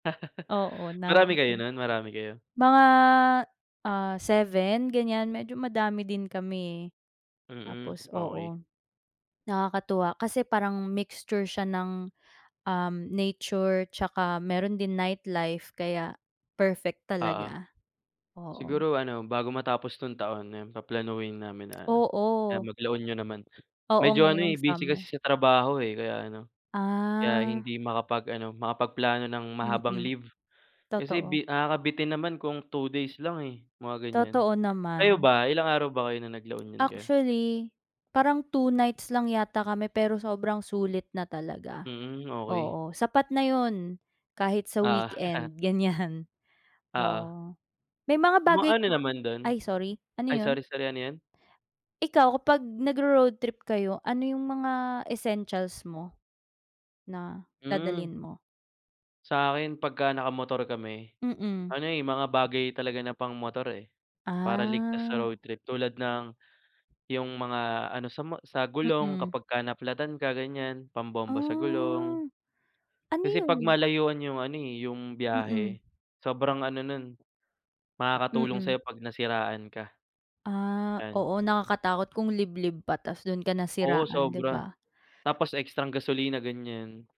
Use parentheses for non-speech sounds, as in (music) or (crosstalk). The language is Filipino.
Oo, (laughs) Marami kayo namate no'n? Marami kayo? mga, ah, 7, ganyan, medyo madami din kami, eh. Mm, Tapos okey. oo. Nakakatuwa, kasi parang mixture siya ng, um, nature tsaka, meron din nightlife, kaya perfect Oo. talaga. Oo. Siguro ano, bago matapos 'tong taon, nem paplanuhin namin na ano, ah, Oo. mag-La Union naman. Oo, Medyo ano ngayong eh, busy kasi summer. sa trabaho, eh, kaya ano, kaya Ah. hindi makapag-ano, makapagplano ng mahabang Mm, leave, kasi totoo. bi nakakabitin naman kung 2 days lang, eh, mga ganyan. Totoo Kayo naman. ba, ilang araw ba kayo no'ng nag-La Union kayo? Actually, parang 2 nights lang yata kami, pero sobrang sulit na talaga. Hmm, okey. Oo. Sapat na 'yon, kahit sa Ah. (laughs) weekend, ganyan, Oo. oo. May mga bagay Ma-ano ka naman do'n? ay sorry, ano Ay, 'yon? sorry, sorry, ano 'yon? Ikaw, kapag nagro-road trip kayo, ano yung mga essentials mo, na Hmm. dadalhin mo? Sa'kin, pagka naka-motor kami Mm. ano, eh, mga bagay talaga na pang-motor, eh, para ligtas sa Ah. road trip. Tulad ng, yung mga ano, sa mo sa gulong Mm. kapag ka na-flat-tan ka, ganyan, pambomba sa gulong. Ah. Ano Kasi, 'pag 'yon? malayuan yung ano eh, yung Mm. biyahe, sobrang ano no'n, makakatulong Mm. sa'yo 'pag nasiraan ka. Ah, Yan. oo. Nakakatakot kung liblib pa, tas do'n ka Oo, nasiraan, 'di sobra. ba? Tapos ekstrang gasolina, ganyan.